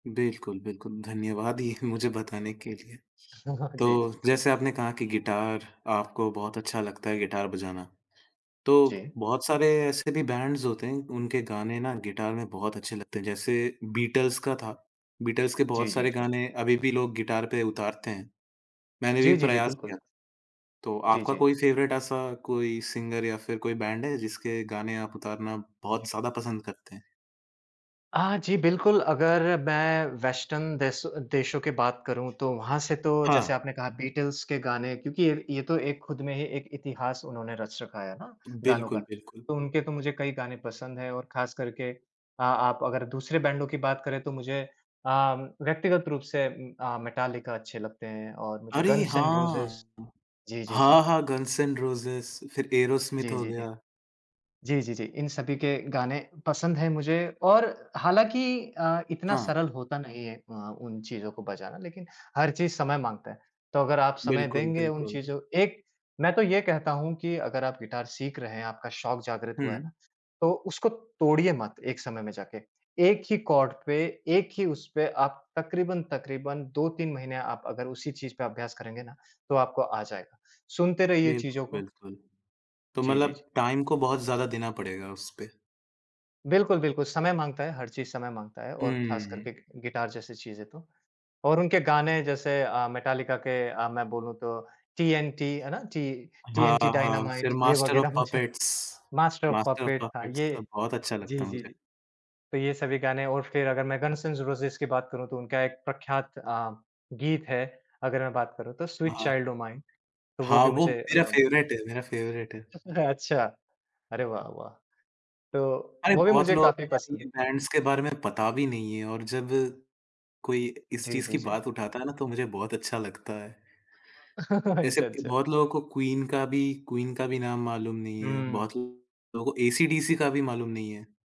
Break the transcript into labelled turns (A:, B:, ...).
A: बिल्कुल, बिल्कुल, धन्यवाद ये मुझे बताने के लिए।
B: जी, जी,
A: तो,
B: कोई
A: जैसे
B: बात
A: आपने
B: नहीं।
A: कहा कि गिटार आपको बहुत अच्छा लगता है गिटार बजाना, तो
B: जी।
A: बहुत सारे ऐसे भी बैंड्स होते हैं, उनके गाने ना गिटार में बहुत अच्छे लगते हैं, जैसे बीटल्स का था, बीटल्स के
B: जी,
A: बहुत
B: जी,
A: सारे
B: जी।
A: गाने अभी भी लोग गिटार पे उतारते हैं। मैंने भी
B: जी, जी, जी,
A: प्रयास किया
B: बिल्कुल।
A: था, तो
B: जी,
A: आपका
B: जी।
A: कोई फेवरेट ऐसा कोई सिंगर या फिर कोई बैंड है जिसके गाने आप उतारना बहुत ज़्यादा पसंद करते हैं?
B: हाँ जी, बिल्कुल अगर मैं वेस्टर्न देश देशों की बात करूँ तो वहाँ से तो
A: हाँ।
B: जैसे आपने कहा बीटल्स के गाने, क्योंकि ये ये तो एक खुद में ही एक इतिहास उन्होंने रच रखा है ना, गानों का।
A: बिल्कुल, बिल्कुल।
B: तो उनके तो मुझे कई गाने पसंद है और ख़ास करके अ, आप अगर दूसरे बैंडों की बात करें तो मुझे अम, व्यक्तिगत रूप से उम, अ, मेटालिका अच्छे लगते हैं और मुझे
A: अरे
B: गन्स एण्ड
A: हाँ!
B: रोज़ेज़ जी, जी, जी।
A: हाँ, हाँ, गन्स एण्ड रोज़ेज़ फिर एरोस्मिथ
B: जी,
A: हो
B: जी,
A: गया।
B: जी। जी, जी, जी, इन सभी के गाने पसंद हैं मुझे और हालाँकि अ, इतना
A: हाँ।
B: सरल होता नहीं है अ, उन चीज़ों को बजाना लेकिन हर चीज समय माँगता है, तो अगर आप समय
A: बिल्कुल,
B: देंगे उन
A: बिल्कुल।
B: चीज़ों एक मैं तो ये कहता हूँ कि अगर आप गिटार सीख रहे हैं, आपका शौक जागृत हुआ है
A: हुँ।
B: ना, तो उसको तोड़िए मत एक समय में जाके। एक ही कॉर्ड पे, एक ही उसपे आप तक़रीबन-तक़रीबन 2-3 महीने आप अगर उसी चीज़ पे अभ्यास करेंगे ना, तो आपको आ जाएगा, सुनते रहिए
A: बिल्कुल,
B: चीज़ों को।
A: बिल्कुल। तो
B: जी, जी, जी।
A: मतलब टाइम को बहुत ज़्यादा देना पड़ेगा उसपे।
B: बिल्कुल, बिल्कुल, समय माँगता है, हर चीज़ समय माँगता है और ख़ास
A: हम्म।
B: करके गि गिटार जैसी चीज़ें तो। और उनके गाने जैसे अ, मेटालिका के अ, मैं बोलूँ तो टीएनटी है ना, टी
A: हाँ,
B: टीएनटी
A: हाँ,
B: डायनामाइट
A: फिर
B: ये
A: मास्टर ऑफ़
B: वगैरह मुझे
A: puppets,
B: master of
A: master of
B: puppets था,
A: पपेट्स
B: ये
A: सब बहुत अच्छा
B: जी,
A: लगता है
B: जी,
A: मुझे।
B: जी। तो ये सभी गाने और फिर अगर मैं गन्स एण्ड रोज़ेज़ की बात करूँ तो उनका एक प्रख्यात अ, गीत है, अगर मैं बात करूँ तो
A: हाँ,
B: स्वीट
A: हाँ।
B: चाइल्ड ओ माइन, तो वो
A: हाँ,
B: भी
A: वो
B: मुझे
A: मेरा
B: अ
A: फेवरेट है मेरा फेवरेट है।
B: अच्छा। अरे वाह, वाह! तो,
A: अरे!
B: वो भी
A: बहुत
B: मुझे
A: लोगों को
B: काफ़ी
A: यार
B: पसंद
A: ये
B: है।
A: बैंड्स के बारे में पता भी नहीं है और जब, कोई इस
B: जी,
A: चीज़
B: जी,
A: की
B: जी।
A: बात उठाता है ना, तो मुझे बहुत अच्छा लगता है। ऐसे
B: अच्छा, अच्छा।
A: बहुत लोगों को क्वीन का भी, क्वीन का भी नाम मालूम नहीं है,
B: हुँ।
A: बहुत लोगों को एसी डीसी का भी मालूम नहीं है।